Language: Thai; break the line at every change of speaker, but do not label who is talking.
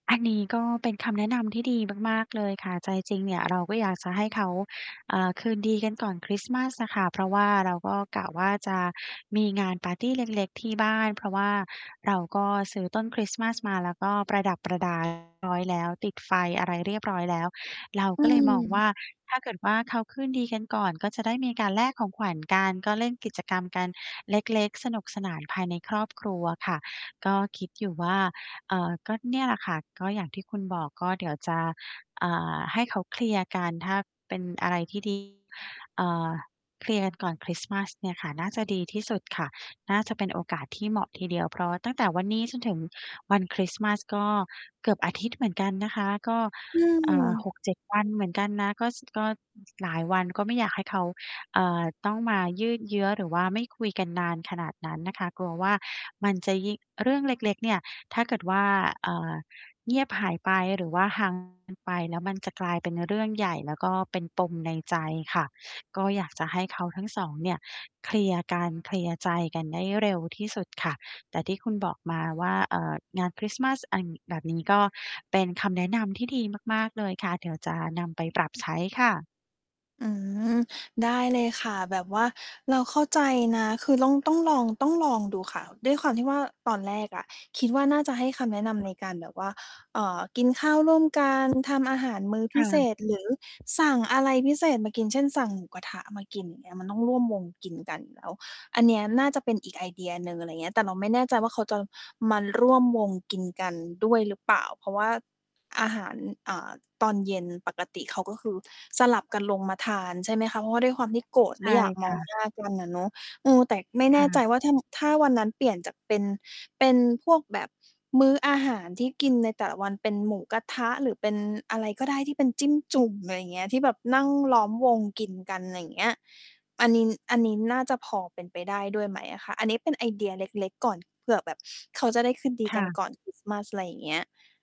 อันนี้ก็เป็นคำแนะนำที่ดีมาก ๆ เลยค่ะ ใจจริงเนี่ยเราก็อยากจะให้เขา เอ่อ คืนดีกันก่อนคริสต์มาสอะค่ะ เพราะว่าเราก็กะว่าจะมีงานปาร์ตีเล็ก ๆ ที่บ้าน เพราะว่าเราก็ซื้อต้นคริสต์มาสมาแล้วก็ประดับประ ดา ไว้แล้ว ติดไฟอะไรเรียบร้อยแล้ว เรา
อ
ก็เลยมองว่
ืม
า ถ้าเกิดว่าเขาคืนดีกันก่อนก็จะได้มีการแลกของขวัญ กัน ก็เล่นกิจกรรมกันเล็ก ๆ สนุกสนานภายในครอบ ครัวค่ะ ก็คิดอยู่ว่า เอ่อ ก็เนี่ยแหละค่ะ ก็อย่างที่คุณบอก ก็เดี๋ยวจะ อ่า ให้เขาเคลียร์กัน ถ้าเป็นอะไรที่ ดี อ่า เคลียร์กันก่อนคริสต์มาสเนี่ยค่ะ น่าจะดีที่สุดค่ะ น่าจะเป็นโอกาสที่เหมาะทีเดียว เพราะว่าตั้งแต่วันนี้จนถึงวันคริสต์มาสก็เกือบอาทิตย์เหมือนกันนะคะ ก็
อื
อ่า ห
ม
กเจ็ด วันเหมือนกันนะ ก็ ส ก็หลายวันก็ไม่อยากให้เขา เอ่อ ต้องมายืดเยื้อหรือว่าไม่คุยกันนานขนาดนั้นน่ะค่ะ กลัวว่ามันจะยิ่ง เรื่องเล็ก ๆ เนี่ย ถ้าเกิดว่า อ่า เงียบหายไปหรือว่า ห่าง กันไป แล้วมันจะกลายเป็นเรื่องใหญ่ แล้วก็เป็นปมในใจค่ะ ก็อยากจะให้เขาทั้ง 2 เนี่ยเคลียร์กัน เคลียร์ใจกันได้เร็วที่สุดค่ะ แต่ที่คุณบอกมาว่า เอ่อ งานคริสต์มาส อ่า แบบนี้ก็เป็นคำแนะนำที่ดีมาก ๆ เลยค่ะ เดี๋ยวจะนำไปปรับใช้ค่ะ
อืม ได้เลยค่ะ แบบว่าเราเข้าใจนะ คือล่อง ต้องลอง ต้องลองดูค่ะ ด้วยความที่ว่าตอนแรกอะคิดว่าน่าจะให้คำแนะนำ ในการแบบว่า เอ่อ กินข้าวร่วมกัน ทำอาหารมื้อ
ค
พ
่
ิเศ
ะ
ษ หรือ สั่งอะไรพิเศษมากิน เช่น สั่งหมูกระทะมากิน อย่างเงี้ย มันต้องร่วมวงกินกันแล้ว อันเนี้ยน่าจะเป็นอีกไอเดียหนึ่ง อะไรอย่างเงี้ย แต่เราไม่แน่ใจว่าเขาจะมาร่วมวงกินกันด้วยหรือเปล่า เพราะว่าอาหาร อ่า ตอนเย็นปกติเขาก็คือสลับกันลงมาทาน ใช่ไหมคะ เพราะว่าด้วยความที่โกรธ
ใช
ไม
่
่อยาก
ค
มอ
่
ง
ะ
หน้ากันอะเนาะ เออ แต่ไม่
ค
แน
่
่ใจ
ะ
ว่าถ้า ถ้าวันนั้นเปลี่ยนจากเป็น เป็นพวกแบบมื้ออาหารที่กินในแต่ละวันเป็นหมูกระทะ หรือเป็นอะไรก็ได้ที่เป็นจิ้มจุ่ม อะไรอย่างเงี้ย ที่แบบนั่งล้อมวงกินกัน อะไรอย่างเงี้ย อันนี้ อันนี้น่าจะพอเป็นไปได้ด้วยไหมอะคะ? อันนี้เป็นไอเดียเล็ก ๆ ก่อนเผื่อแบบ เขาจะได้คืนดี
ค
ก
่
ัน
ะ
ก่อน คริสต์ มาส อะไรอย่างเงี้ย